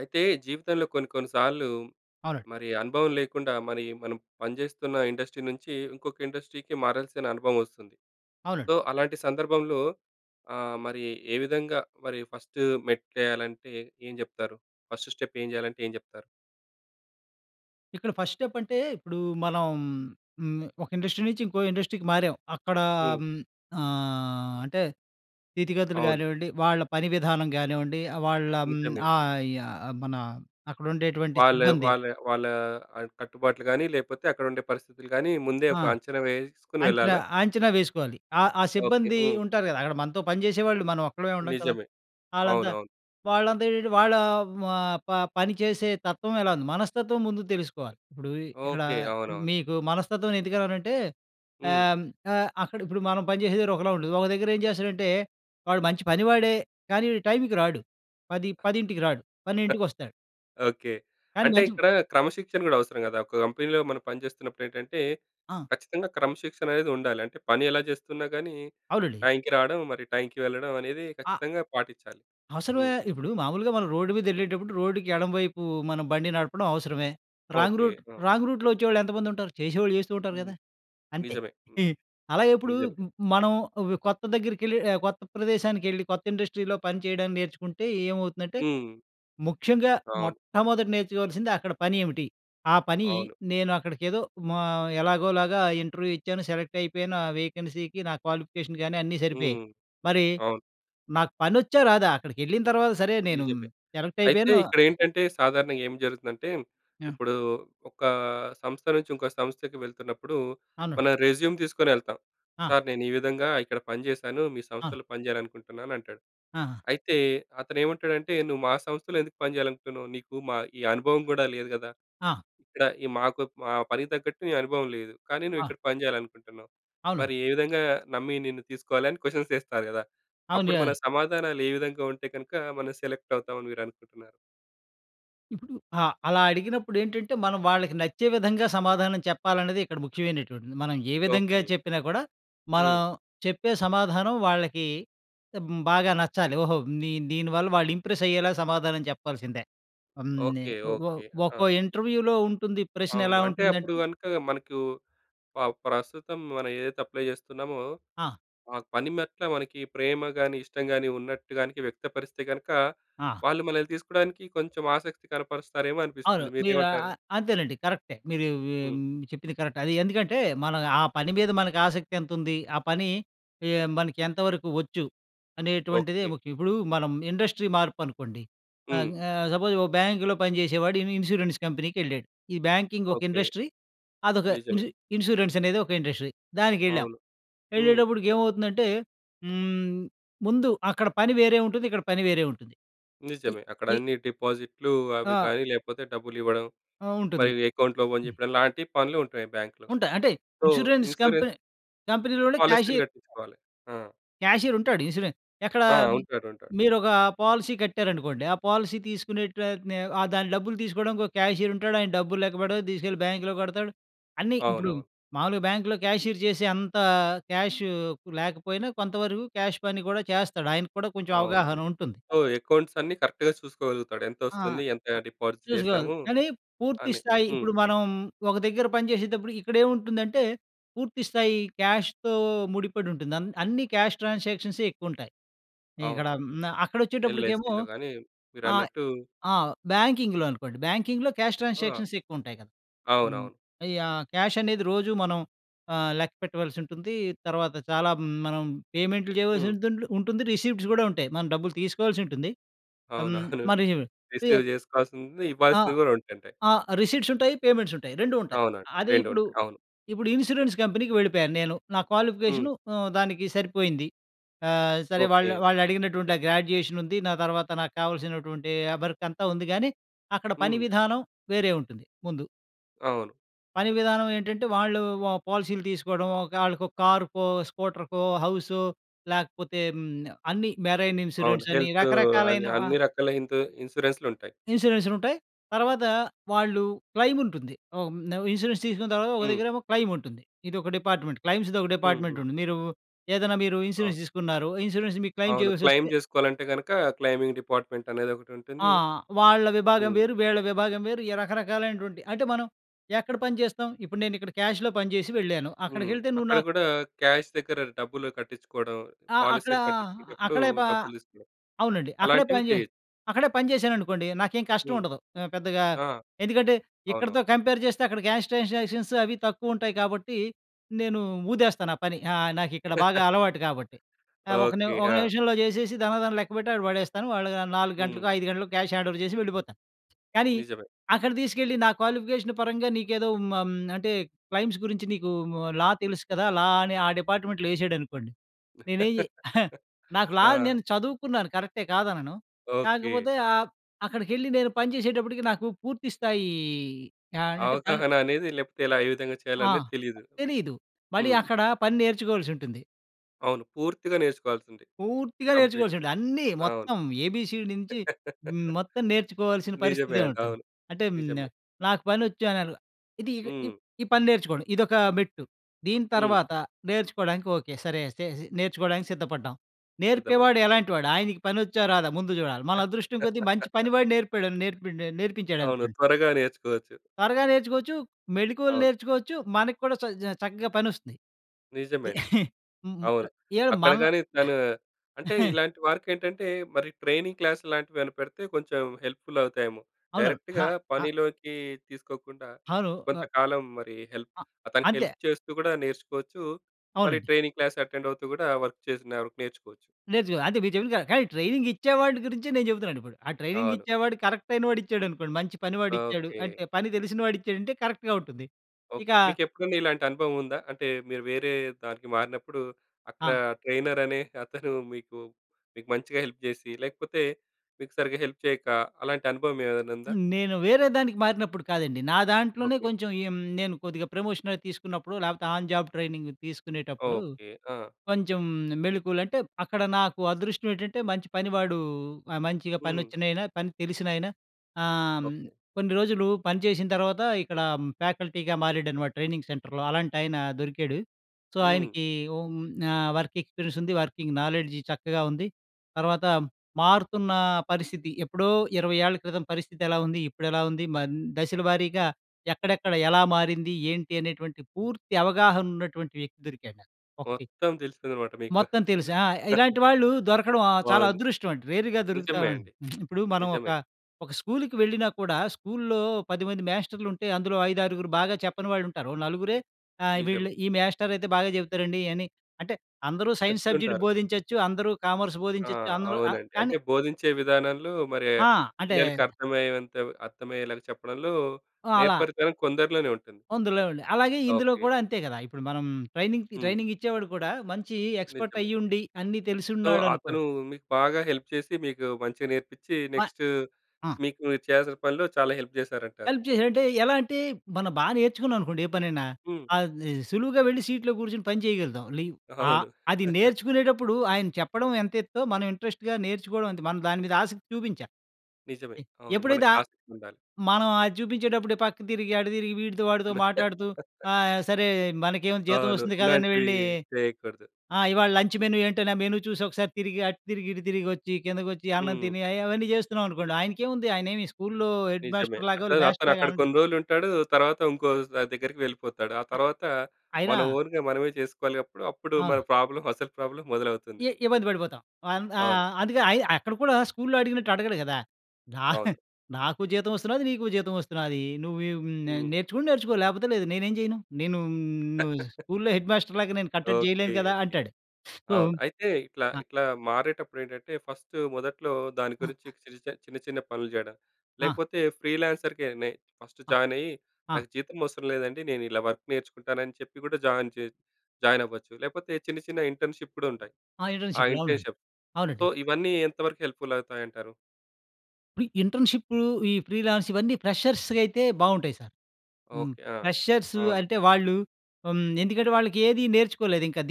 అయితే జీవితంలో కొన్ని కొన్ని సార్లు, అవునండి. మరి అనుభవం లేకుండా, మరి మనం పనిచేస్తున్న ఇండస్ట్రీ నుంచి, ఇంకొక ఇండస్ట్రీకి మారాల్సిన అనుభవం వస్తుంది. సో, అవునండి. అలాంటి సందర్భంలో ఆహ్, మరి ఏ విధంగా మరి ఫస్ట్ మెట్టు వేయాలంటే, ఏం చెప్తారు? ఫస్ట్ స్టెప్ ఏం చేయాలంటే ఏం చెప్తారు? ఇక్కడ ఫస్ట్ స్టెప్ అంటే, ఇప్పుడు మనం హ్మ్. ఒక ఇండస్ట్రీ నుంచి ఇంకో ఇండస్ట్రీకి మారాం. అక్కడ హ్మ్. హ్మ్. ఆహ్, అంటే స్థితిగతులు అవును. గానివ్వండి, వాళ్ళ పని విధానం గానివ్వండి, వాళ్ళ హ్మ్. నిజమే. ఆహ్, యాహ్ మన అక్కడుండేటువంటి వాళ్ళ సిబ్బంది. వాళ్ళ వాళ్ళ ఆహ్, కట్టుబాట్లు గాని, లేపోతే అక్కడ ఉండే పరిస్థితులు గాని ముందే ఆ! ఒక అంచనా వేసుకొని అంచనా, వెళ్ళాలా? అంచనా వేసుకోవాలి. ఆహ్, ఆ ఓకే. సిబ్బంది హ్మ్. ఉంటారు కదా! అక్కడ మనతో పని చేసేవాళ్ళు, మనం ఒక్కోళ్ళమే ఉండం కదా! నిజమే. ఆళ్ళంతా, అవునవును. వాళ్ళంతా ఏంటి వాళ్ళ ఆహ్, ప పని చేసే తత్వం ఎలా ఉంది, మనస్తత్వం ముందు తెలుసుకోవాలి. ఇప్పుడు ఇక్కడ ఓకే. అవునవును. మీకు మనస్తత్వం ఎందుకన్నానంటే, హ్మ్. ఆహ్, ఆహ్, అక్కడ ఇప్పుడు మనం పని చేసే దగ్గర ఒకలా ఉండదు. ఒక దగ్గరేం చేస్తాడంటే, వాడు మంచి పనివాడే. కానీ, టైం‌కి రాడు. పది పదింటికి రాడు 12కి వస్తాడు. ఓకే. కానీ అంటే మంచి ఇక్కడ క్రమశిక్షణ కూడా అవసరం కదా! ఒక కంపెనీ‌లో మనం పనిచేస్తున్నప్పుడేంటంటే, ఆ! ఖచ్చితంగా క్రమశిక్షణ అనేది ఉండాలి. అంటే పని ఎలా చేస్తున్నా కానీ, అవునండి. టైంకి రావడం, మరి టైంకి వెళ్ళడం అనేది ఆ! ఖచ్చితంగా పాటించాలి. అవసరమే. హ్మ్. ఇప్పుడు మామూలుగా మనం రోడ్డు మీదెళ్ళేటప్పుడు, రోడ్డుకి ఎడమవైపు మనం బండి నడపడం అవసరమే. Wrong okay. రూట్, ఆ! రాంగ్ రూట్‌లో వచ్చేవాళ్ళు ఎంతమంది ఉంటారు? చేసేవాళ్ళు చేస్తూ ఉంటారు హ్మ్. కదా! అంతే. నిజమే. హ్మ్. అలాగే ఇప్పుడు నిజమే. మనం ఒక కొత్త దగ్గరికెళ్ళి ఆహ్, కొత్త ప్రదేశానికి వెళ్ళి కొత్త ఇండస్ట్రీలో పని చేయడం నేర్చుకుంటే ఏమవుతుందంటే, హ్మ్. ముఖ్యంగా అవును. మొట్టమొదట నేర్చుకోవాల్సింది అక్కడ పని ఏమిటి, ఆ పని అవును. నేను అక్కడికేదో ఆహ్, ఎలాగోలాగా ఇంటర్వ్యూ ఇచ్చాను, సెలెక్ట్ అయిపోయాను. ఆ వేకెన్సీకి నా క్వాలిఫికేషన్ కాని అన్నీ సరిపోయాయి. హ్మ్. మరి అవును. నాకు పనొచ్చా, రాదా. అక్కడికెళ్ళిన తర్వాత సరే, నేను నిజమే. సెలెక్ట్ అయితే అయిపోయాను ఇక్కడేంటంటే, సాధారణంగా ఏం జరుగుతుందంటే, ఆ! ఇప్పుడూ ఒకా ఆహ్, సంస్థ నుంచి, ఇంకో సంస్థకి వెళ్తున్నప్పుడు, అవును. మనం రెజ్యూమ్ తీసుకొని వెళ్తాం. ఆ! "సార్ నేను ఈ విధంగా ఇక్కడ పని చేశాను, మీ ఆ! సంస్థలో పని చేయాలనుకుంటున్నాను" అంటాడు. ఆహా! అయితే అతనేమంటాడంటే, "నువ్వు మా సంస్థలో ఎందుకు పని చేయాలనుకుంటున్నావు? నీకు మా ఈ అనుభవం కూడా లేదు కదా. ఆ! ఇక్కడ ఈ మాకు మా పనికి తగ్గట్టు నీ అనుభవం లేదు. కానీ ఆ! నువ్విక్కడ పని చేయాలనుకుంటున్నావు. అవును. మరి ఏ విధంగా నమ్మి నిన్ను తీసుకోవాలి?" అని క్వశ్చన్స్ వేస్తారు కదా. అవును. అప్పుడు మన యాహ్ సమాధానాలు ఏ విధంగా ఉంటే గనుక మనం సెలెక్ట్ అవుతాం అని మీరు అనుకుంటున్నారు? ఇప్పుడు, ఆ! అలా అడిగినప్పుడేంటంటే మనం వాళ్ళకి నచ్చే విధంగా, సమాధానం చెప్పాలనేది ఇక్కడ ముఖ్యమైనటువంటిది. మనం ఏ విధంగా ఓకే. చెప్పినా కూడా, మనం హ్మ్. చెప్పే సమాధానం వాళ్ళకి, హ్మ్. బాగా నచ్చాలి. ఓహో! నీ దీనివల్ల వాళ్ళు ఇంప్రెస్ అయ్యేలా సమాధానం చెప్పాల్సిందే. హ్మ్. నే ఓకే. ఒ ఒ ఓకే. ఆ! ఒక్కో ఇంటర్వ్యూలో ఉంటుంది. ప్రశ్న అవును. ఎలా అంటే అప్పుడు ఉంటుందంటే గనక మనకు ఆహ్, ప్రస్తుతం మనం ఏదైతే అప్లై జేస్తున్నామో, ఆ! ఆ పని మెట్ల మనకి ప్రేమ గానీ, ఇష్టం గానీ ఉన్నట్టుగా వ్యక్తపరిస్తే గనుక, ఆ! వాళ్ళు మనల్ని తీసుకోడానికి కొంచెం ఆసక్తి కనపరుస్తారేమో అవును. అనిపిస్తుంది. మీరు ఆ! ఆ! మీరేమంటారు? అంతేనండి. కరెక్టే. మీరు హ్మ్. హ్మ్ చెప్పింది కరెక్ట్. అది ఎందుకంటే మనం ఆ పని మీద మనకు ఆసక్తి ఎంత ఉంది? ఆ పని ఆహ్, మనకి ఎంతవరకు వచ్చు? అనేటువంటిది ఓకే. ముఖ్యం. ఇప్పుడు మనం ఇండస్ట్రీ మార్పు అనుకోండి. అంగ్ హ్మ్. ఆహ్, సపోజ్, ఒక బ్యాంకులో పని జేసేవాడు ఇన్ ఇన్సూరెన్స్ కంపెనీకేళ్ళాడు. ఈ బ్యాంకింగ్ ఒక ఓకే. ఇండస్ట్రీ. అదొక నిజమే. ఇన్సు ఇన్సూరెన్స్ అనేది ఒక ఇండస్ట్రీ. దానికేళ్ళాం. అవును. హ్మ్. ఎళ్ళేటప్పటికి ఏమవుతుందంటే, హ్మ్. ముందు అక్కడ పని వేరే ఉంటుంది, ఇక్కడ పని వేరే ఉంటుంది. ఇ నిజమే. అక్కడ ఇ అన్ని డిపాజిట్లు, అవి ఆ! కానీ లేపోతే, డబ్బులు ఇవ్వడం. ఆ! ఉంటుంది. మరియు అకౌంట్లు ఓపెన్ హ్మ్. జేపించడంలాంటి పనులు ఉంటాయి బ్యాంక్‌లో. ఉంటాయ్. అంటే సో ఇన్షూరెన్స్ ఇన్షూరెన్స్... కంపెనీ కంపెనీ‌లోనే పాలిసీలు క్యాషియర్... గట్టించుకోవాలి. ఆ! క్యాషియరుంటాడు. ఇన్స్యూరెన్స్ ఎక్కడ? ఆ! ఉంటారు. ఉంటారు. మీరొక పాలసీ కట్టారనుకోండి. ఆ పాలసీ తీసుకునే ట్ అతనే ఆహ్, దాని డబ్బులు దీసుకోడానికి ఒక క్యాషియరుంటాడు. ఆయన డబ్బులు లేక్కపెడతాడు, దీసుకెళ్ళి బ్యాంకులో కడతాడు, అన్నీ ఇప్పుడు అవునవును. మావులుగా బ్యాంకులో క్యాషియర్ జేసే, అంత క్యాషు లేకపోయినా, కొంతవరకు క్యాష్ పని గూడా చేస్తాడు. ఆయన కూడా కొంచెం అవును. అవగాహన ఉంటుంది. సో, అకౌంట్స్ అన్నీ కరెక్ట్‌గా చూసుకోగలుగుతాడు. ఆ! ఎంతోస్తుంది? ఎంత ఆ! డిపాజిట్ చూసుకోవాలి. చేశాము. కానీ పూర్తి అని స్థాయి, హ్మ్. ఇప్పుడు మనం ఒక దగ్గర పనిచేసేటప్పుడు ఇక్కడేంముంటుందంటే, పూర్తి స్థాయి క్యాష్‌తో ముడిపడి ఉంటుంది. అన్ అన్నీ, క్యాష్ ట్రాన్సాక్షన్సే ఎక్కువుంటాయి. ఇక్కడ అవును. మ్న అక్కడొచ్చేటప్పటికేమో, ఎల్‌ఐసీ‌లో గానీ, ఆహ్, మీరన్నట్టు ఆ! బ్యాంకింగ్‌లో అనుకోండి. బ్యాంకింగ్‌లో క్యాష్ ఆ! ట్రాన్సాక్షన్స్ ఎక్కువుంటాయి గదా! హ్మ్. అవునవును. యాహ్! క్యాష్ అనేది రోజు మనం ఆహ్, లెక్కపెట్టవలసి ఉంటుంది. తర్వాత చాలా మనం పేమెంట్లు జేయవలసి హ్మ్. ఉంట్ ఉంటుంది. రిసిప్ట్స్ గూడా ఉంటాయి. మనం డబ్బులు తీసుకోవాల్సి ఉంటుంది. హ్మ్. అవునవును. మరి రిసిప్ట్స్ రి రిసీవ్ జేసుకోవాల్సింది, ఆ! ఇవ్వాల్సింది గూడా ఉంటుంది. ఆ! రిసిప్ట్స్ ఉంటాయి, పేమెంట్స్ ఉంటాయి. 2 ఉంటాయి. అవునండి. అదే ఇప్పుడు, రెండుంటాయి. అవును. ఇప్పుడు ఇన్సూరెన్స్ కంపెనీకి వెళ్ళిపోయాను నేను. నా హ్మ్. క్వాలిఫికేషన్ హ్మ్. దానికి సరిపోయింది. ఆహ్, సరే వాళ్ళ ఓకే. వాళ్ళు అడిగినటువంటి ఆహ్, గ్రాడ్యుయేషన్ ఉంది. నా తర్వాత నాకు కావాల్సినటువంటి ఆహ్, వర్క్ అంతా ఉంది. గానీ, అక్కడ పని హ్మ్. విధానం వేరే ఉంటుంది ముందు. అవును. పని విధానం ఏంటంటే వాళ్ళు వ పాలసీలు తీసుకోడం. ఒక ఆళ్ళకో కారుకో, స్కూటర్‌కో, హౌసు. లేకపోతే హ్మ్. అన్నీ మెరైన్ అవును. ఇన్సూరెన్స్ అని హెల్తూ, అని రకరకాలైనవ అన్నీ ఆహ్, రకాల హింతూ ఇన్సూరెన్సులుంటాయి. ఇన్సూరెన్స్‌లుంటాయి. తర్వాత, వాళ్ళు క్లైమ్ ఉంటుంది. ఆహ్, హ్మ్. ఇన్సూరెన్స్ తీసుకున్న తర్వాత, ఒక హ్మ్. దగ్గరేమో క్లైముంటుంది. ఇదొక డిపార్ట్‌మెంట్ క్లైమ్స్‌ది. ఒక డిపార్ట్మెంట్ హుహు. ఉంటుంది. మీరేదైనా మీరు ఆ! ఇన్సూరెన్స్‌ దీసుకున్నారు. ఇన్సూరెన్స్‌ మీకు క్లైమ్ అవును. చేయావల్సి క్లైమ్ వస్తే జేసుకోవాలంటే గనుక క్లైమింగ్ డిపార్ట్‌మెంట్ అనేది ఆ! ఒకటుంటుంది. వాళ్ళ విభాగం హ్మ్. వేరు. వీళ్ళ విభాగం వేరు. ఈ రకరకాలైనటువంటి అంటే, మనం ఎక్కడ పని జేస్తాం. ఇప్పుడు నేనిక్కడ క్యాష్‌లో పనిజేసి వెళ్ళాను. హ్మ్. అక్కడికెళ్తే నువ్వు అక్కడ నా గూడా క్యాష్ దగ్గర డబ్బులు కట్టించుకోవడం. ఆ! అక్కడ పాలిసీలు కట్టించుకునేటప్పుడు అక్కడే ప డబ్బులు దీసుకోవడం. అవునండి. అక్కడే అలాంటివి పని జేస్ చేయొచ్చు. అక్కడే పని జేశాననుకోండి. నాకేం కష్టం హ్మ్. ఉండదు. ఆహ్, పెద్దగా ఆ! ఎందుకంటే, అవునవును. ఇక్కడితో కంపేర్ జేస్తే, అక్కడ క్యాష్ ట్రాన్సాక్షన్స్ అవి తక్కువ ఉంటాయి కాబట్టి, నేను ఊదేస్తాను. ఆ పని ఆహ్, నాకిక్కడ బాగా అలవాటు కాబట్టి. ఆహ్, ఒక నిమ ఓకె. ఒక ఆ! నిమిషంలో జేసేసి ధనాధన లెక్కబెట్టి అక్కడ పడేస్తాను. వాళ్ళు 4 హ్మ్. గంటలకో, 5 గంటలకో క్యాష్ హ్యాండోవర్ జేసి వెళ్ళిపోతాను. కానీ, నిజమే. అక్కడ తీసుకెళ్ళి, నా క్వాలిఫికేషన్ పరంగా నీకేదో హ్మ్. హ్మ్. అంటే క్లైమ్స్ గురించి నీకు లా డెలుసు కదా! లా అని ఆ డిపార్ట్‌మెంట్‌లో ఏశాడనుకోండి. నేనేం చే నాకు లా ఆ! నేను చదువుకున్నాను. కరెక్టే కాదనను. ఓకె. కాకపోతే ఆహ్, అక్కడికెళ్ళి నేను పని జేసేటప్పటికి, నాకు పూర్తి స్థాయి ఆహ్, ఏంటంటే పని అవగాహన అనేది లేపోతే, ఎలా ఏ విధంగా ఆ! చేయాలనేది తెలీదు. తెలీదు మళ్ళీ హ్మ్. అక్కడ పని నేర్చుకోవల్సుంటుంది. అవును పూర్తిగా నేర్చుకోవాల్సింది. పూర్తిగా నేర్చుకోవచ్చండి. కంప్లీట్‌‌‌‌‌‌‌‌‌‌‌‌‌‌‌‌‌ అన్నీ అవును. మొత్తం ఏ-బీ-సీ నుంచి హ్మ్, మొత్తం నేర్చుకోవాల్సిన నిజమే పరిస్థితే అండి. ఉంటుంది. అవును అంటే హ్మ్, న్ నిజమే. నాకు పనొచ్చునని, ఇది ఈ హ్మ్. ఈ పని నేర్చుకోండి. ఇదొక మెట్టు. దీని హ్మ్. తర్వాత, నేర్చుకోడానికి ఓకే. సరే అయితే నేర్చుకోవడానికి సిద్ధపడ్డాం. నేర్పేవాడు సిద్ధపడ్డాం. ఎలాంటి వాడు? ఆయనకి పనొచ్చా? రాదా? ముందు జూడాలి. మన అదృష్టం కొద్దీ మంచి పని వాడు నేర్పాడు నేర్పిన్ండు అవును. నేర్పించాడనుకోండి త్వరగా నేర్చుకోవచ్చు. త్వరగా నేర్చుకోవచ్చు, మెడికోల్ అవును. నేర్చుకోవచ్చు. మన కూడా చ జా చక్కగా పనొస్తుంది. నిజమే అండి. హుహు, అవును. ఏం అక్కడ మనలా కాని తను అంటే ఇలాంటి వారికేంటంటే, మరి ట్రైనింగ్ క్లాస్ లాంటివి ఏమైనా పెడితే, కొంచెం హెల్ప్‌ఫుల్ అవుతాయేమో! అవునవును. డైరెక్ట్‌గా హా! అ! పనిలోకి తీసుకోకుండా, అవును. ఆహ్ కొంతకాలం మరి హెల్ప్ అ! అతనకి హెల్ప్ అంతే. చేస్తూ కూడా నేర్చుకోవచ్చు. మళ్ళీ అవునండి. ట్రైనింగ్ క్లాస్ అటెండ్ అవుతూ కూడా వర్క్ చేసిన వరుకు నేర్చుకోవచ్చు. నేర్చుకో. అంతే మీరు చెప్పింది కరెక్ట్. కానీ ట్రైనింగ్ ఇచ్చే వాడి గురించే నేను చెప్తున్నాను ఇప్పుడు. ఆ ట్రైనింగ్ అవును. ఇచ్చేవాడు కరెక్టైయినోడు ఇచ్చాడనుకోండి, మంచి పని వాడు ఇచ్చాడు, ఓకే. అంటే పని తెలిసిన వాడు ఇచ్చాడంటే కరెక్ట్‌గా ఉంటుంది. ఇక ఓకే. మీకెప్పుడైనా ఇలాంటి అనుభవం ఉందా? అంటే మీరు వేరే దానికి మారినప్పుడు, అక్కడ ఆ! ట్రైనర్ అనే అతను మీకు, మీకు మంచిగా హెల్ప్ చేసి, లేకపోతే మీకు సరిగ్గా హెల్ప్ చేయక, అలాంటి అనుభవం ఏమైనా ఉందా? హ్మ్. నేను వేరే దానికి మారినప్పుడు కాదండి. నా దాంట్లోనే ఓకే. కొంచెం ఎమ్ నేను కొద్దిగా ప్రమోషన‌వి తీసుకున్నప్పుడు, లేపోతే ఆన్ జాబ్ ట్రైనింగ్ తీసుకునేటప్పుడు, ఓకే. ఆ! కొంచెం మ్ మెళకువలు అంటే అక్కడ నాకు అదృష్టం ఏటంటే మంచి పనివాడు, ఆహ్, మంచిగా హ్మ్. పనోచ్చినాయన పని తెలిసిన ఆయన ఆహ్, ఓకే. కొన్ని రోజులు పని చేసిన తర్వాత ఇక్కడ ఫ్యాకల్టీగా మారాడన్నమాట ట్రైనింగ్ సెంటర్‌లో అలాంటి ఆయన దొరికాడు. సో, హ్మ్. ఆయనకి హ్మ్. ఆహ్, వర్క్ ఎక్స్పీరియన్స్ ఉంది, వర్కింగ్ నాలెడ్జ్ చక్కగా ఉంది. తర్వాత మారుతున్న పరిస్థితి ఎప్పుడో 20ఏళ్ళ క్రితం పరిస్థితి ఎలా ఉంది? ఇప్పుడు ఎలా ఉంది? మ దశల వారీగా ఎక్కడెక్కడ? ఎలా మారింది? ఏంటి? అనేటువంటి పూర్తి అవగాహన ఉన్నటువంటి వ్యక్తి దొరికాడు నాకు, ఒకటి. మొత్తం తెలిసిందన్నమాట మీకు. మొత్తం తెలుసు ఆ! ఇలాంటి వాళ్ళు దొరకడం ఆహ్, చాలా బావుంది. అదృష్టం అండి. రేర్‌గా నిజమే దొరుకుతావు. అండి. ఇప్పుడు మనం ఒక, నిజమే. ఒక స్కూలుకి వెళ్ళినా కూడా స్కూలులో పదిమంది మ్యాస్టర్‌లుంటే, అందులో 5, 6గురు బాగా చెప్పని వాళ్ళుంటారు. ఓ నలుగురే ఆహ్, నిజమే. వీళ్ళు ఈ మ్యాస్టరయితే బాగా చెప్తారండి అని అంటే, అందరూ సైన్స్ సబ్జెక్ట్ చెప్తుంటారు. బోధించొచ్చు. అందరూ కామర్స్ ఆ! బోధించొచ్చు. అందరూ ఆహ్, అవునండి. కానీ అంటే బోధించే విధానంలో మరి ఆ! అంటే పిల్లలకి అర్థమయ్యేవంతం అర్థమయ్యేలాగా చెప్పడంలో, అలా! నేర్పరితనం కొందర్లోనే ఉంటుంది. అందులో అండి. అలాగే ఇందులో ఓకే. కూడా అంతే గదా! ఇప్పుడు మనం ట్రైనింగ్‌కి హ్మ్. ట్రైనింగ్ ఇచ్చేవాడు కూడా మంచి ఎక్స్‌పర్ట్ నిజమే. అయ్యి ఉండి, అన్ని సో అతను తెలిసున్నాడనుకోండి మీకు బాగా హెల్ప్ చేసి మీకు మంచిగా నేర్పిచి, మ నెక్స్ట్ ఆ! మీకు చేయాల్సిన పనిలో చాలా హెల్ప్ చేసారంటారు. హెల్ప్ చేసాడంటే ఎలా అంటే మనం బాగా నేర్చుకున్నామనుకోండి ఏ పనైనా. హ్మ్. అది సులువుగా వెళ్లి సీట్‌లో కూర్చొని పని చేయగలుగుతాం. లి ఆహ్, అవును. అది నేర్చుకునేటప్పుడు ఆయన చెప్పడం ఎంతేత్తో, మనం ఇంట్రెస్ట్‌గా నేర్చుకోవడం అంతే. మనం దాని మీద ఆసక్తి చూపించాలి. నిజమే. అవును. ఎప్పుడైతే మనకు ఆహ్, ఆసక్తి ఉండాలి. మనం అది చూపించేటప్పుడు పక్కకు తిరిగి అటు తిరిగి వీడితో, వాడితో మాట్లాడుతూ, ఆహ్, సరే మనకేముంది జీతం అవును. వస్తుంది కదాని ఇలాంటివి వెళ్ళి, చేయకూడదు. ఆ! ఇవాళ లంచ్ మెను ఏంటని ఆ మేను చూసి ఒకసారి తిరిగి, అటు తిరిగి, ఇటు తిరిగి, ఒచ్చి, కిందకోచ్చి, అన్నం హ్మ్. తిని అయి అవన్నీ చేస్తున్నామనుకోండి. ఆయనకేముంది ఆయనేమి స్కూలు‌లో హెడ్ నిజమే. మాస్టర్‌ లాగో అతను, అతను వ్యస్టర్‌లాగా అక్కడ కొన్ని రోజులుంటాడు. తర్వాత ఇంకో ద దగ్గరికి వెళ్ళిపోతాడు. ఆ అ తర్వాత అయినా మన ఓన్‌గా మనమే చేసుకోవాలి అప్పుడు. అప్పుడు మన అవును. ప్రాబ్లమ్ అసలు ప్రాబ్లమ్ మొదలవుతుంది. ఇ ఇబ్బంది పడిపోతాం. అన్ అవును. ఆహ్, అందుకే అయి అక్కడ కూడా స్కూల్‌లో అడిగినట్టు అడగడు గదా! అవును. "నా నాకు జీతం వస్తున్నాది. నీకు జీతం వస్తున్నాది. నువ్వేం నే హ్మ్. నేర్చుకుంటే నేర్చుకో, లేపోతే లేదు. నేనేం చేయను. నేనూ హ్మ్ ను నువ్వు స్కూల్‌లో హెడ్ మాస్టర్‌లాగా నేను కట్టడి ఓకే. జేయలేను గదా!" ఓకే. అంటాడు. సో, అవును. అయితే ఇట్లా ఆ! ఇట్లా మారేటప్పుడేంటంటే, ఫస్ట్ మొదట్లో దాని గురించి ఆహా! చిరుచ చిన్న చిన్న పనులు జేయడం. ఆ! లేకపోతే ఫ్రీ లాన్సర్‌గానే ఫస్ట్ ఆ! జాయినయ్యి, ఆ! నాకు జీతమవసరం లేదండి నేనిలా వర్క్ నేర్చుకుంటానని చెప్పి కూడా జాయిన్ జే జాయినవ్వచ్చు. లేకపోతే చిన్న చిన్న ఇంటర్న్‌షిప్ గూడా ఉంటాయి. ఆ! ఆ ఇంటర్న్‌షిపులు అవునండి. ఇంటర్న్‌షిప్. సో అవునండి. ఇవన్నీ ఎంతవరకు హెల్ప్‌ఫుల్ అవుతాయి అంటారు? ఇప్పుడు ఇంటర్న్‌షిపులు ఈ ఫ్రీలాన్స్ ఇవన్నీ ఫ్రెషర్స్‌కు అయితే బావుంటాయి సార్. హ్మ్. ఓకే. ఆ! ఫ్రెషర్స్ అవును. అంటే, వాళ్ళు హ్మ్, ఎందుకంటే వాళ్ళకి ఏది నేర్చుకోలేదింకా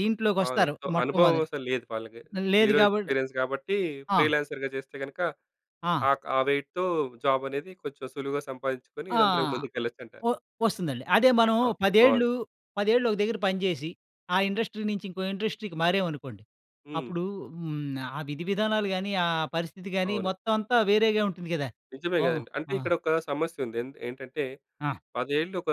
అవును. దీంట్లోకొస్తారు. సో మొట్టమొద అనుభవం అసలు లేదు వాళ్ళకి. లేదు. జీరో గాబటి, ఎక్స్‌పీరియన్స్ గాబట్టి, ఆ! ఫ్రీలాన్సర్‌గా జేస్తే గనక ఆ! ఆక్ ఆ వెయిట్‌తో జాబ్ అనేది కొంచెం సులువుగా సంపాదించుకొని ఆ! అందులోకి ముందుకెళ్ళచ్చంటారు. ఒ ఒస్తుందండి. అదే, మనం ఓకే. బావుంది. 10 ఏళ్ళు, 10 ఏళ్ళు ఒక దగ్గర పనిజేసి ఆ ఇండస్ట్రీ నుంచి ఇంకో ఇండస్ట్రీకి మారామనుకోండి. హ్మ్. అప్పుడు హ్మ్ ఆ విధివిధానాలు గాని, ఆ పరిస్థితి గాని, అవును. మొత్తం అంతా వేరేగా ఉంటుంది గదా! నిజమే వా గదండీ! అంటే, ఆ! ఇక్కడొక సమస్య ఉంది. ఎంద్ ఏంటంటే ఆ! 10ఏళ్ళు ఒక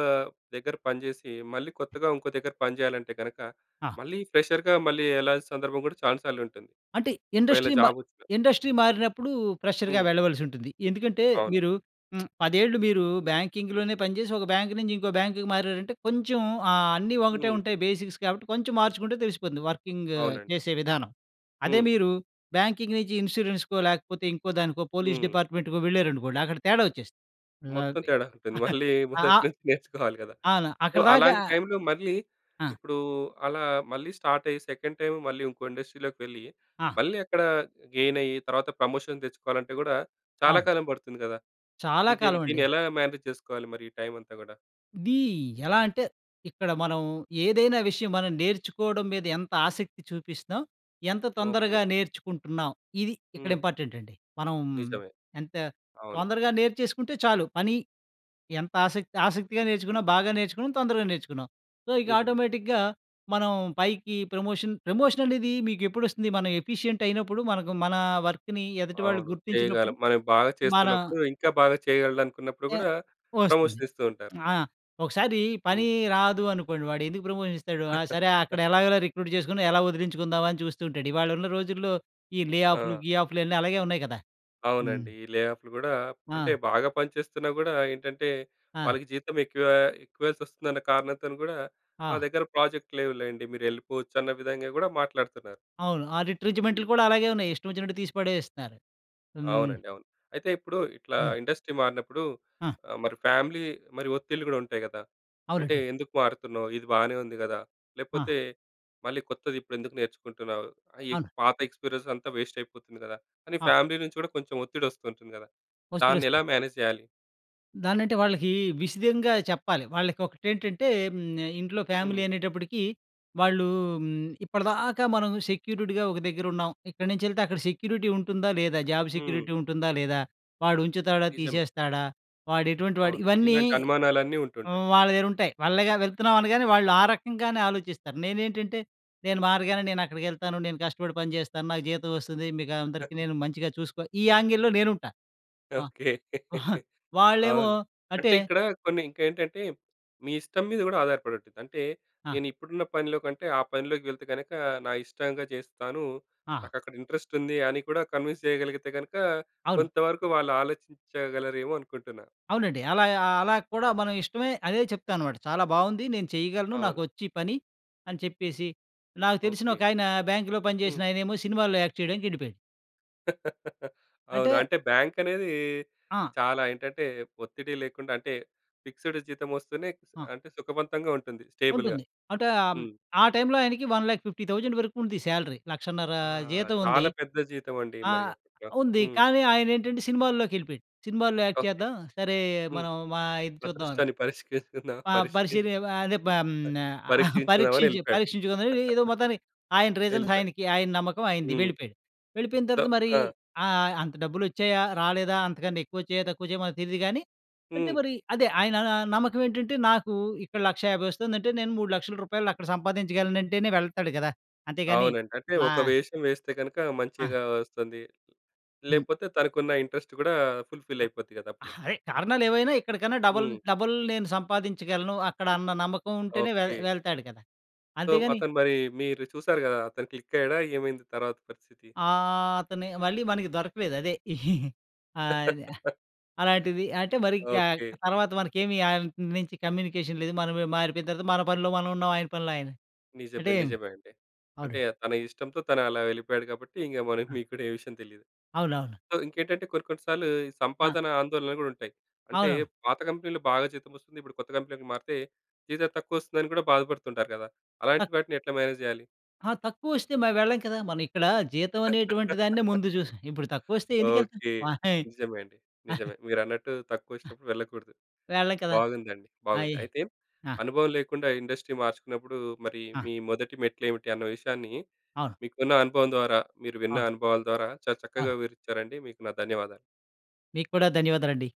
దగ్గర పనిజేసి, మళ్ళీ కొత్తగా ఉంకో దగ్గర పని జేయాలంటే గనక, ఆ! మళ్ళీ ఫ్రెషర్‌గా మళ్ళీ ఎళ్ళాల్సిన సందర్భం గూడా చాన సార్లు ఉంటుంది. అంటే, ఒకవేళ ఇండస్ట్రీ మ జాబ్ ఒచ్చినా ఇండస్ట్రీ మారినప్పుడు ఫ్రెషర్‌గా హ్మ్. వెళ్ళవలసి ఉంటుంది. ఎందుకంటే, అవును. మీరు 10 ఏళ్ళు మీరు బ్యాంకింగ్‌లోనే పనిచేసి, ఒక బ్యాంక్ నుంచి ఇంకో బ్యాంకుకి మారారంటే కొంచెం ఆహ్, అన్నీ ఒకటే హ్మ్. ఉంటాయి. బేసిక్స్ కాబట్టి, కొంచెం మార్చుకుంటే తెలిసిపోతుంది వర్కింగ్ అవునండి. చేసే విధానం. అదే, హ్మ్. మీరు బ్యాంకింగ్ నుంచి ఇన్సూరెన్స్‌కో లేకపోతే, ఇంకో దానికో, పోలీస్ హ్మ్. డిపార్ట్మెంట్‌కో వెళ్లారనుకోండి, అక్కడ తేడా ఒచ్చేస్తుంది. ఆవ్ మొత్తం తేడా ఉంటుంది. మళ్ళీ, అ మొదటి అ నుంచి నేర్చుకోవాలి గదా! అవును. సో అక్కడి దాకా అలాంటి టైంలో మళ్ళీ ఆ! ఇప్పుడూ అలా మళ్ళీ స్టార్ట్ అయ్యి సెకండ్ టైమ్ మళ్ళీ ఇంకో ఇండస్ట్రీలోకి వెళ్ళి, ఆ! మళ్ళీ అక్కడ గెయిన్ అయ్యి, తర్వాత ప్రమోషన్ దెచ్చుకోవాలంటే గూడా చాలా అవును. కాలం బడుతుంది గదా! చాలా ఇది కాలం దీన్ని అండి. ఎలా మేనేజ్ చేసుకోవాలి? మరి ఈ టైం అంతా గూడా. ఇది ఎలా అంటే, ఇక్కడ మనం ఏదైనా విషయం మనం నేర్చుకోవడం మీద ఎంత ఆసక్తి చూపిస్తున్నాం? ఎంత ఓకే. తొందరగా నేర్చుకుంటున్నాం? ఇది ఇక్కడ హ్మ్. ఇంపార్టెంట్ అండి. మనం నిజమే. ఎంత అవును. తొందరగా నేర్చేసుకుంటే చాలు. పని ఎంత ఆసక్తి ఆసక్తిగా నేర్చుకున్నాం, బాగా నేర్చుకున్నాం, తొందరగా నేర్చుకున్నాం. సో ఇక నిజమే. ఆటోమేటిక్‌గా మనం పైకి ప్రమోషన్, ప్రమోషన్ అనేది మీకేప్పుడు ఒస్తుంది? మనం ఎఫిషియెంట్ అయినప్పుడు, మనకు మన వర్క్‌ని ఎదుటి వాళ్ళు అవును. చేయగలం. గుర్తించినప్పుడు, మనం బాగా మన చేస్తున్నప్పుడు, ఇంకా బాగా చేయగలడు అనుకున్నప్పుడు య గూడా, వస్తుంది. ప్రమోషన్ ఇస్తూ ఉంటారు. ఆహ్, ఒకసారి పని హ్మ్. రాదు అనుకోండి. వాడేందుకు ప్రమోషన్ ఇస్తాడు? ఆహ్, సరే అక్కడ ఎలాగలా రిక్రూట్ చేసుకొని ఎలా వదిలించుకుందాం అని చూస్తూ ఉంటాడు. ఇవాళ ఉన్న రోజుల్లో ఈ లేఆఫులు ఆ! గీఆఫ్‍లన్నీ అలాగే ఉన్నాయి గదా! హ్మ్. అవునండి. ఈ లేఆఫ్‌లు గూడా, అంటే ఆ! బాగా పనిచేస్తున్నా గూడా ఏంటంటే, ఆ! వాళ్ళకి జీతం ఎక్కువ, ఎక్కువ ఇయ్యలిసోస్తుందన్న కారణంతోను గూడా, మా ఆ! దగ్గర ప్రాజెక్ట్ లేవులెండి మీరెళ్ళిపోవచ్చు అన్న విధంగా కూడా మాట్లాడుతున్నారు. అవును. ఆ హ్మ్. రిట్రెంచ్‌మెంటులు కూడా అలాగే ఉన్నాయి. ఇష్టం వచ్చినట్టు తీసి పడేస్తున్నారు. హ్మ్. అవునండి. అవును. అయితే ఇప్పుడు ఇట్లా ఆ! ఇండస్ట్రీ మారినప్పుడు ఆ! ఆహ్, మరి ఫ్యామిలీ మరి ఒత్తిళ్లు గూడా ఉంటాయి కదా! అంటే అవునండి. ఎందుకు మారుతున్నావు? ఇది బానే ఉంది గదా! ఆ! లేపోతే మళ్ళీ కొత్తది ఇప్పుడేందుకు నేర్చుకుంటున్నావు? ఈ అవును. పాత ఎక్స్పీరియన్స్ అంతా వేస్ట్ అయిపోతుంది కదా! అని ఆ! ఫ్యామిలీ నుంచి కూడా కొంచెం ఒత్తిడి వస్తు ఉంటుంది గదా! వస్తు, దాన్నేలా వస్తు. మేనేజ్ చేయాలి? దాన్నంటే వాళ్ళకి విశిదంగా చెప్పాలి. వాళ్ళకి ఒకటేంటంటే హ్మ్. ఇంట్లో హ్మ్. ఫ్యామిలీ అనేటప్పటికి వాళ్ళు హ్మ్. ఇప్పటిదాకా మనం సెక్యూరిటీగా ఒక దగ్గర ఉన్నాం. ఇక్కడినుంచెల్తే అక్కడ సెక్యూరిటీ ఉంటుందా లేదా? జాబ్ హ్మ్. సెక్యూరిటీ ఉంటుందా లేదా? వాడు ఉంచుతాడా నిజమే. తీసేస్తాడా? వాడు ఎటువంటి వాడు? అవును. ఇవన్నీ ఇలాంటి అనుమానాలన్నీ ఉంటుంటాయి. హ్మ్. వాళ్ళ దగ్గరుంటాయి. వాళ్ళేగా వెళ్తున్నామనగానే వాళ్ళా రకంగానే ఆలోచిస్తారు. నేనేంటంటే నేను మారగానే నేను అక్కడికేళ్తాను, నేను కష్టపడి పని చేస్తాను, నాకు జీతం వస్తది, మీకు అందరికి నేను మంచిగా చూసుకో ఈ యాంగిల్‌లో నేనుంటా. ఆ! ఓకే. వాళ్ళేమో అవును. అంటే అంటే ఇక్కడ కొన్ని ఇంకేంటంటే మీ ఇష్టం మీద కూడా ఆధారపడి ఉంటుంది. అంటే ఆ! నేనిప్పుడున్న పనిలో కంటే ఆ పనిలోకి వెళ్తే గనక, నా ఇష్టంగా చేస్తాను. ఆ! నాకక్కడ ఇంట్రెస్ట్ ఉంది అని కూడా కన్విన్స్ చేయగలిగితే గనక, అవును. కొంతవరకు వాళ్ళు ఆలోచించగలరేమో అనుకుంటున్నా. అవునండి. అలా ఆహ్, అలా కూడా మనం ఇష్టమే అదే చెప్తాన్నమాట. "చాలా బావుంది, నేను చేయగలను, అవును. నాకొచ్చీ పని" అని చెప్పేసి నాకు తెలిసిన ఓకే. ఒకాయన బ్యాంక్‌లో పని హ్మ్. చేసిన ఆయనేమో సినిమాలో యాక్ట్ చేయడానికి ఎళ్ళిపోయాడు. అంటే అవును. అంటే బాంకనేది ఆ! చాలా ఏంటంటే ఒత్తిడి లేకుండా, అంటే ఫిక్సెడ్ జీతం ఒస్తేనే స్ ఆ! అంటే సుఖవంతంగా ఉంటుంది. స్టేబుల్‌గా. ఉంటుంది. అంటే అం హ్మ్. ఆ టైం‌లో ఆయనకి 1,50,000 వరకు ఉంది శాలరీ 1,50,000 ఆ! జీతం ఉంది. చాలా పెద్ద జీతమండి. మరి ఆహ్, అప్పట్లో. ఉంది హ్మ్. కానీ, ఆయనేంటంటే సినిమాల్లోకెళ్ళిపోయాడు. సినిమాల్లో యాక్ట్ ఓకే. చేద్దాం సరే హ్మ్. మనం మా ఇది చూద్దాం. అదృష్టాన్ని పరీక్షించుకుందామా పా పరీక్షించు పరిశీరి వ అదే బం న పరీక్షించుకుందామని పరీక్షించి ఎళ్ళిపోయాడు. పరీక్షించుకుని ఏదో మొత్తానికి, ఆయన రీజన్స్ ఎళ్ళిపోయాడు. ఆయనకి, ఆయన నమ్మకం ఆయనది, హ్మ్. వెళ్ళిపోయాడు. వెళ్ళిపోయిన దో తర్వాత మరి ఆ! ఆహ్, అంత డబ్బులోచ్చాయా, రాలేదా? అంతకంటే ఎక్కువొచ్చాయా? తక్కువొచ్చాయా? మనకి తెలీదు గానీ, అంటే హ్మ్. మరి అదే ఆయన న నమ్మకం ఏంటంటే, నాకు ఇక్కడ 1,50,000 వస్తుందంటే నేను 3,00,000 రూపాయలు అక్కడ సంపాదించగలనంటేనే వెళ్తాడు గదా! అంతేగాని అవునండి. అంటే నా ఒక వేషం వేస్తే గనుక, ఆ! మంచిగా వస్తంది. హ్మ్. లేపోతే తనకున్న ఇంట్రెస్ట్ కూడా ఫుల్‌ఫిల్ అ! అయిపోద్ది కదా! అప్పుడు. అదే కారణాలేవైనా ఇక్కడికన్నా డబల్ హ్మ్. డబల్ నేను సంపాదించగలను అక్కడ అన్న నమ్మకం ఉంటేనే వెల్ ఓకే. వెళ్తాడు కదా! సో, అంతేగాని అతను మరి మీరు చూసారు గదా! అతను క్లిక్ అయ్యాడా? ఏమైంది తర్వాత పరిస్థితి? ఆ! అతని మళ్ళీ మనకి దొరకలేదు అదే. ఆద్ ఆహ్, అలాంటిది అంటే మరింక ఓకే. తర్వాత మనకేమి ఆయన నుంచి కమ్యూనికేషన్ లేదు మనం మారిపోయిన తర్వాత మన పనిలో మనమున్నాం ఆయన పనిలో ఆయన నిజమే. అంటే నిజమే అండి. అంటే అవునండి. తన ఇష్టంతో తనలా వెళ్ళిపోయాడు గాబట్టి ఇంక మనకి అ! మీకు కూడా ఏ విషయం తెలీదు. అవునవును. సో, ఇంకేంటంటే కొన్ని కొన్ని సార్లు ఈ అ! సంపాదన ఆందోళనలు కూడా ఉంటాయి. అంటే అవునవును. పాత కంపెనీలో బాగా జీతం వస్తుంది. ఇప్పుడు కొత్త కంపెనీలోకి మారితే జీతం తక్కువస్తుందని కూడా బాధపడుతుంటారు గదా! అలాంటి తక్ వాటిని ఎట్లా మేనేజ్ చేయాలి? ఆ! తక్కువోస్తే మరి వెళ్ళం కదా! మనం ఇక్కడ జీతం అనేటువంటి దాన్నే ముందు చూసాం ఇప్పుడు తక్కువోస్తే ఎందుకెళ్తాం? ఓకే. వహి నిజమే అండి. నిజమే. మీరన్నట్టు తక్కువ అ! ఒచ్చినప్పుడు వెళ్ళకూడదు. వెళ్ళం కదా! బాగుందండి. బాగుంది. అయి అయితే ఆ! అనుభవం లేకుండా ఇండస్ట్రీ మార్చుకున్నప్పుడు మరి ఆ! మీ మొదటి మెట్లేమిటి అన్న విషయాన్ని అవును. మీకున్న అనుభవం ద్వారా, మీరు విన్న అవును. అనుభవాల ద్వారా చాలా చక్కగా అవును. వివరిచ్చారండి. మీకు నా ధన్యవాదాలు. మీకు కూడా ధన్యవాదాలండి.